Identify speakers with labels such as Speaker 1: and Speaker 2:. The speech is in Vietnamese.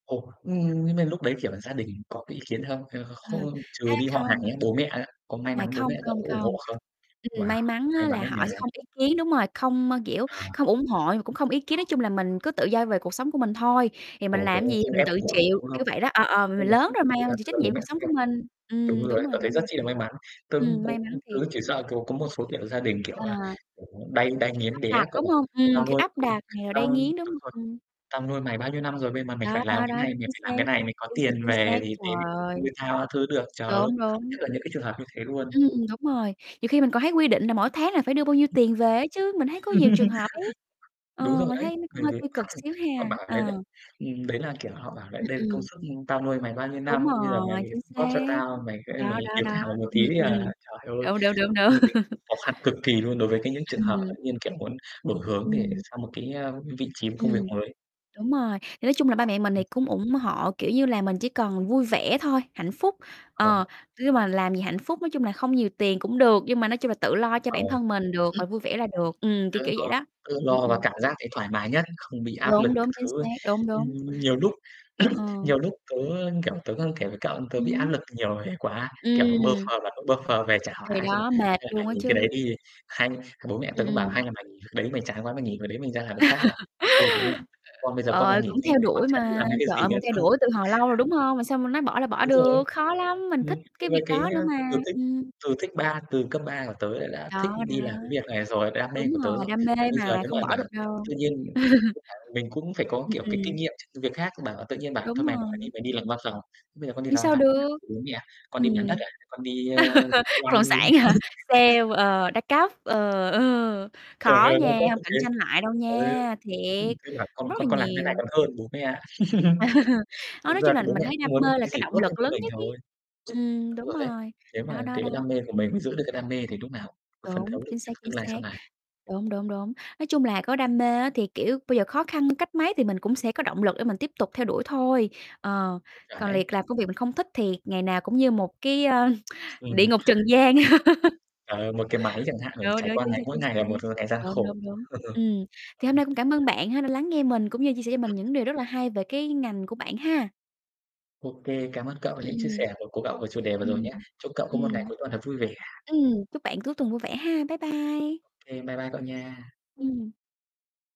Speaker 1: Ồ, nhưng nhưng mà lúc đấy, kiểu, gia đình có cái ý kiến không? Hay là kh
Speaker 2: Ờ,
Speaker 1: không
Speaker 2: á
Speaker 1: trừ đi họ hàng
Speaker 2: không.
Speaker 1: nhé, bố mẹ á, có may
Speaker 2: À,
Speaker 1: mắn bố mẹ
Speaker 2: không,
Speaker 1: cậu
Speaker 2: không,
Speaker 1: có ủng
Speaker 2: không.
Speaker 1: hộ không?
Speaker 2: Ừm,
Speaker 1: Wow,
Speaker 2: may mắn
Speaker 1: may
Speaker 2: á
Speaker 1: mắn
Speaker 2: là
Speaker 1: á
Speaker 2: họ
Speaker 1: nha.
Speaker 2: sẽ không ý kiến, đúng rồi, không m kiểu,
Speaker 1: À.
Speaker 2: không ủng hộ mà cũng không ý kiến, nói chung là mình cứ tự do về cuộc sống của mình thôi, thì mình
Speaker 1: Ồ, đúng
Speaker 2: làm
Speaker 1: rồi,
Speaker 2: gì
Speaker 1: không
Speaker 2: mình
Speaker 1: ép
Speaker 2: tự
Speaker 1: buộc,
Speaker 2: chịu,
Speaker 1: đúng không?
Speaker 2: kiểu vậy đó. Ờ, ờ, m mình lớn
Speaker 1: [unintelligible]
Speaker 2: rồi mà, mình chịu
Speaker 1: tức
Speaker 2: trách
Speaker 1: là bố
Speaker 2: nhiệm
Speaker 1: mẹ
Speaker 2: cuộc
Speaker 1: không
Speaker 2: sống của
Speaker 1: ép.
Speaker 2: mình,
Speaker 1: Đúng
Speaker 2: ừm, đúng
Speaker 1: rồi,
Speaker 2: rồi,
Speaker 1: tớ thấy
Speaker 2: đúng rồi.
Speaker 1: rất chi là may mắn. Tớ
Speaker 2: Ừm,
Speaker 1: cũng
Speaker 2: may mắn
Speaker 1: tớ
Speaker 2: thiệt.
Speaker 1: chỉ sợ cậu có một số tiểu gia đình, kiểu
Speaker 2: À.
Speaker 1: là, kiểu, đay đay
Speaker 2: Kiểu, áp
Speaker 1: nghiến đấy
Speaker 2: đặt,
Speaker 1: cậu
Speaker 2: đúng hông? Ừm,
Speaker 1: à. "Tao
Speaker 2: kiểu,
Speaker 1: nuôi
Speaker 2: áp đặt
Speaker 1: [unintelligible]
Speaker 2: nè, rồi đay
Speaker 1: tao"
Speaker 2: nghiến, đúng
Speaker 1: đúng
Speaker 2: hông?
Speaker 1: rồi,
Speaker 2: Ừm.
Speaker 1: "Tao nuôi mày bao nhiêu năm rồi vậy mà mày
Speaker 2: Đó,
Speaker 1: phải làm
Speaker 2: đó,
Speaker 1: cái
Speaker 2: đó,
Speaker 1: này, mày
Speaker 2: chính
Speaker 1: phải
Speaker 2: xác,
Speaker 1: làm cái này, mày có
Speaker 2: chính xác,
Speaker 1: tiền
Speaker 2: chính xác,
Speaker 1: về thì đến
Speaker 2: trời ơi!
Speaker 1: nuôi tao các thứ được." Trời ơi,
Speaker 2: Đúng,
Speaker 1: mình sợ
Speaker 2: đúng.
Speaker 1: nhất là những cái trường hợp như thế luôn.
Speaker 2: Ừm, ừm, đúng rồi, nhiều khi mình còn thấy quy định là mỗi tháng là phải đưa bao nhiêu tiền về ấy chứ, mình thấy
Speaker 1: [unintelligible]
Speaker 2: có nhiều trường hợp ấy.
Speaker 1: Đúng
Speaker 2: Ờ,
Speaker 1: rồi
Speaker 2: mình
Speaker 1: đấy,
Speaker 2: thấy nó cũng
Speaker 1: bởi
Speaker 2: hơi
Speaker 1: vì [unintelligible]
Speaker 2: tiêu cực xíu
Speaker 1: họ
Speaker 2: ha.
Speaker 1: bảo rằng đấy, đấy,
Speaker 2: Ờ.
Speaker 1: ừm, đấy là kiểu họ bảo: "Đ
Speaker 2: Ừm,
Speaker 1: đây là công
Speaker 2: ừm.
Speaker 1: sức, ưm, tao nuôi mày bao nhiêu
Speaker 2: Đúng
Speaker 1: năm, bây giờ mày
Speaker 2: rồi, chính
Speaker 1: đóng góp cho
Speaker 2: xác.
Speaker 1: tao, mày sẽ mày
Speaker 2: Đó, đó,
Speaker 1: hiếu
Speaker 2: đó.
Speaker 1: thảo một
Speaker 2: Ừm,
Speaker 1: tí đi
Speaker 2: ừm,
Speaker 1: à."
Speaker 2: ừm.
Speaker 1: Trời ơi,
Speaker 2: Đúng, đúng, đúng,
Speaker 1: [unintelligible]
Speaker 2: đúng.
Speaker 1: khó khăn cực kỳ luôn đối với cái những trường hợp
Speaker 2: Ừm.
Speaker 1: tự nhiên, kiểu, muốn đổi hướng để
Speaker 2: Ừm.
Speaker 1: sang một cái, a, vị trí công việc
Speaker 2: Ừm,
Speaker 1: mới.
Speaker 2: đúng rồi, thì nói chung là ba mẹ mình thì
Speaker 1: Ừm.
Speaker 2: cũng ủng hộ, kiểu như là, mình chỉ cần vui vẻ thôi, hạnh phúc,
Speaker 1: Ờ.
Speaker 2: ờ, nhưng mà làm gì hạnh phúc nói chung là không nhiều tiền cũng được, nhưng mà nói chung là tự lo cho
Speaker 1: Ờ.
Speaker 2: bản thân mình được,
Speaker 1: Ừm.
Speaker 2: rồi vui vẻ là được. Ừm, kiểu,
Speaker 1: Tự
Speaker 2: kiểu vậy
Speaker 1: lo
Speaker 2: đó.
Speaker 1: tự
Speaker 2: Ừm,
Speaker 1: lo và
Speaker 2: ừm.
Speaker 1: cảm giác thấy thoải mái nhất, không bị áp lực
Speaker 2: Đúng,
Speaker 1: các
Speaker 2: đúng, chính
Speaker 1: thứ.
Speaker 2: xác, đúng,
Speaker 1: Ừm,
Speaker 2: đúng.
Speaker 1: nhiều lúc
Speaker 2: Ờ, ờ.
Speaker 1: nhiều lúc tớ, kiểu, tớ đang kể với cậu tớ bị
Speaker 2: Ừm
Speaker 1: áp
Speaker 2: hứm.
Speaker 1: lực nhiều người quá, kiểu, bơ
Speaker 2: Ừm.
Speaker 1: phờ [unintelligible] bơ phờ về chả hỏi
Speaker 2: Thì
Speaker 1: ai, xong rồi:
Speaker 2: đó, mệt
Speaker 1: "Hay là mày
Speaker 2: luôn á
Speaker 1: nghỉ cái đấy
Speaker 2: chứ.
Speaker 1: đi, hay" bố mẹ tớ
Speaker 2: Ừm,
Speaker 1: cũng bảo:
Speaker 2: ừm.
Speaker 1: "Hay là mày nghỉ việc đấy, mày chán quá mày nghỉ về đấy mày ra làm việc khác" mà, "Ôi bố mẹ, con bây giờ con mà
Speaker 2: Ờ,
Speaker 1: nghỉ
Speaker 2: cũng
Speaker 1: xong
Speaker 2: theo
Speaker 1: rồi con
Speaker 2: đuổi
Speaker 1: chả biết
Speaker 2: mà,
Speaker 1: làm cái việc
Speaker 2: trời
Speaker 1: gì
Speaker 2: ơi
Speaker 1: nữa
Speaker 2: mình
Speaker 1: đâu."
Speaker 2: theo đuổi từ hồi lâu rồi, đúng hông? Mà sao mà nói bỏ là bỏ
Speaker 1: Đúng rồi.
Speaker 2: được, khó lắm, mình
Speaker 1: Ừm,
Speaker 2: thích cái
Speaker 1: c với
Speaker 2: việc
Speaker 1: cái
Speaker 2: đó
Speaker 1: á
Speaker 2: nữa mà,
Speaker 1: từ thích
Speaker 2: ừm.
Speaker 1: từ thích ba từ cấp 3 của tớ là đã thích
Speaker 2: Đó, đó.
Speaker 1: đi làm cái việc này rồi, đam
Speaker 2: Đúng
Speaker 1: mê của tớ
Speaker 2: rồi,
Speaker 1: rồi.
Speaker 2: đam mê
Speaker 1: Mà bây giờ
Speaker 2: mà
Speaker 1: nếu
Speaker 2: không
Speaker 1: mà
Speaker 2: bỏ
Speaker 1: bảo
Speaker 2: được đâu.
Speaker 1: tự nhiên cũng phải mình cũng phải có,
Speaker 2: Ừm,
Speaker 1: kiểu, cái kinh
Speaker 2: ừm.
Speaker 1: nghiệm trước việc khác, bảo tự nhiên bảo:
Speaker 2: Đúng
Speaker 1: "Thôi mày bỏ đi,
Speaker 2: rồi.
Speaker 1: mày đi làm văn phòng", "Bây giờ con đi
Speaker 2: Ừm,
Speaker 1: làm văn
Speaker 2: sao
Speaker 1: phòng con ăn
Speaker 2: được.
Speaker 1: của bố mẹ à, con đi bán đất
Speaker 2: Ừm.
Speaker 1: à, con đi, ơ," [unintelligible]
Speaker 2: Bất động sản hả? Sale, ờ, đa cấp, ờ, ờ,
Speaker 1: Trời
Speaker 2: khó
Speaker 1: ơi, đa
Speaker 2: nha,
Speaker 1: cấp
Speaker 2: hông
Speaker 1: cũng
Speaker 2: cạnh
Speaker 1: thế,
Speaker 2: tranh lại đâu
Speaker 1: [unintelligible]
Speaker 2: nha,
Speaker 1: ừm,
Speaker 2: thiệt,
Speaker 1: cứ bảo: "Con
Speaker 2: rất
Speaker 1: con
Speaker 2: là
Speaker 1: con làm thế này
Speaker 2: nhiều.
Speaker 1: còn hơn bố mẹ ạ."
Speaker 2: Đó,
Speaker 1: Thực
Speaker 2: nói
Speaker 1: ra
Speaker 2: chung
Speaker 1: thì
Speaker 2: là
Speaker 1: bố
Speaker 2: mình
Speaker 1: mẹ
Speaker 2: thấy
Speaker 1: cũng
Speaker 2: đam
Speaker 1: muốn
Speaker 2: mê là
Speaker 1: cái gì
Speaker 2: cái
Speaker 1: tốt
Speaker 2: động
Speaker 1: nhất
Speaker 2: lực
Speaker 1: cho
Speaker 2: lớn
Speaker 1: mình
Speaker 2: nhất ấy.
Speaker 1: thôi.
Speaker 2: Ừm,
Speaker 1: Đúng
Speaker 2: đúng
Speaker 1: rồi đấy.
Speaker 2: rồi,
Speaker 1: Thế
Speaker 2: đó,
Speaker 1: mà
Speaker 2: đó,
Speaker 1: cái
Speaker 2: đó,
Speaker 1: đam mê của mình mới
Speaker 2: ừm.
Speaker 1: giữ được cái đam mê thì lúc nào mới phấn
Speaker 2: Đúng,
Speaker 1: thấu được
Speaker 2: chính
Speaker 1: cho
Speaker 2: xác,
Speaker 1: cái
Speaker 2: chính
Speaker 1: tương lai sau
Speaker 2: xác.
Speaker 1: này.
Speaker 2: Đúng, đúng, đúng. Nói chung là có đam mê á thì, kiểu, bây giờ khó khăn cách mấy thì mình cũng sẽ có động lực để mình tiếp tục theo đuổi thôi, ờ.
Speaker 1: Chuẩn
Speaker 2: Còn
Speaker 1: ấy.
Speaker 2: liệt làm công việc mình không thích thì ngày nào cũng như một cái, ơ,
Speaker 1: Ừm.
Speaker 2: địa ngục trần gian.
Speaker 1: [unintelligible] Ờ, một cái máy chẳng hạn, ờ,
Speaker 2: Đúng,
Speaker 1: trải
Speaker 2: đúng,
Speaker 1: qua
Speaker 2: chính xác,
Speaker 1: ngày mỗi
Speaker 2: chính
Speaker 1: ngày
Speaker 2: xác.
Speaker 1: là một, ờ, ngày gian
Speaker 2: Đúng,
Speaker 1: khổ.
Speaker 2: đúng, đúng. Ừm, thì hôm nay
Speaker 1: [unintelligible]
Speaker 2: cũng cảm ơn bạn ha đã lắng nghe mình cũng như chia sẻ cho mình những điều rất là hay về cái ngành của bạn ha.
Speaker 1: Ô kê, cảm ơn cậu
Speaker 2: Ừm,
Speaker 1: những chia sẻ của của cậu về chủ đề vừa rồi
Speaker 2: ừm. Ừm.
Speaker 1: nhé. Chúc cậu có một ngày
Speaker 2: Ừm,
Speaker 1: cuối tuần thật vui vẻ.
Speaker 2: ừm, chúc bạn cuối tuần vui vẻ ha. Bye bye.
Speaker 1: Ô kê, bye bye cậu nha.
Speaker 2: Ừm.